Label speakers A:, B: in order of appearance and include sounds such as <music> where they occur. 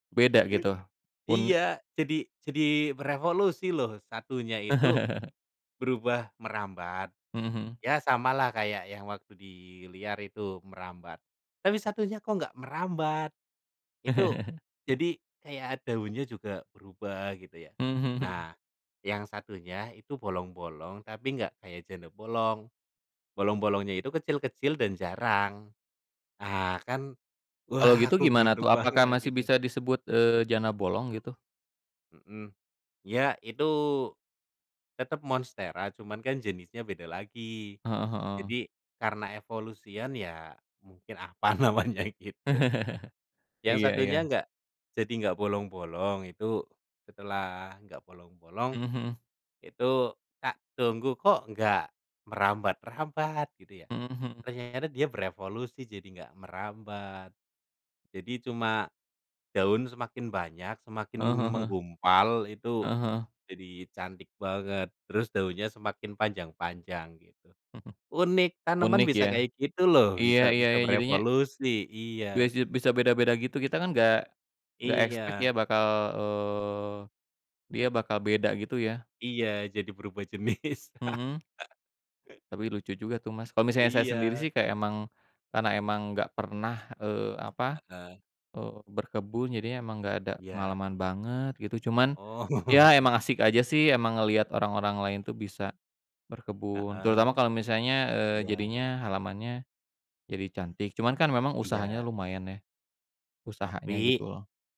A: Beda gitu.
B: <laughs>
A: Un
B: Iya, jadi jadi merevolusi loh satunya itu
A: <laughs>
B: berubah merambat,
A: Mhm mhm.
B: ya samalah kayak yang waktu di liar itu merambat, tapi satunya kok nggak merambat, itu
A: <laughs>
B: jadi kayak daunnya juga berubah gitu ya.
A: Mmm, mhm mhm.
B: Nah, yang satunya itu bolong-bolong tapi nggak kayak janda bolong. Bolong-bolongnya itu kecil-kecil dan jarang. Nah kan
A: Kalau
B: wah
A: gitu
B: aku
A: gimana tuh?
B: beruntung
A: Apakah
B: banget,
A: masih
B: gitu.
A: bisa disebut, eee, janda bolong gitu?
B: Mhm. Iya, itu tetap monstera cuma kan jenisnya beda lagi,
A: Heeh heeh.
B: jadi karena evolusian ya mungkin, apa namanya gitu
A: <laughs>
B: yang
A: Iya
B: satunya
A: iya.
B: nggak, jadi nggak bolong-bolong itu. Setelah nggak bolong-bolong
A: Mhm mhm.
B: itu tak tunggu, kok nggak merambat-rambat gitu ya?
A: Mhm mhm.
B: Ternyata dia berevolusi jadi nggak merambat. Jadi, cuma daun semakin banyak, semakin m
A: Heeh heeh heeh.
B: menggumpal itu,
A: Heeh heeh.
B: jadi cantik banget terus daunnya semakin panjang-panjang, gitu.
A: Mhm,
B: Unik, tanaman
A: Unik
B: bisa
A: ya.
B: kayak gitu loh,
A: Iya
B: bisa
A: iya,
B: bisa
A: ya jadinya
B: berevolusi. Iya.
A: besi bisa beda-beda gitu kita kan nggak nggak expect ya
B: Iya.
A: bakal eee, dia bakal beda gitu ya?
B: Iya. Jadi berubah jenis.
A: Mhm.
B: <laughs>
A: Tapi lucu juga tuh, Mas, kalau misalnya saya sendiri
B: Iya.
A: sih kayak emang karena emang nggak pernah, eee, apa
B: Heeh.
A: eee, berkebun jadinya emang gak ada
B: Iya.
A: pengalaman banget gitu. Cuman ya emang
B: Oh.
A: asik aja sih emang ngeliat orang-orang lain tuh bisa berkebun,
B: Heeh.
A: terutama kalo misalnya, eee,
B: Iya.
A: jadinya halamannya jadi cantik cuman kan memang usahanya
B: Iya.
A: lumayan ya, usahanya
B: Tapi
A: gitu loh.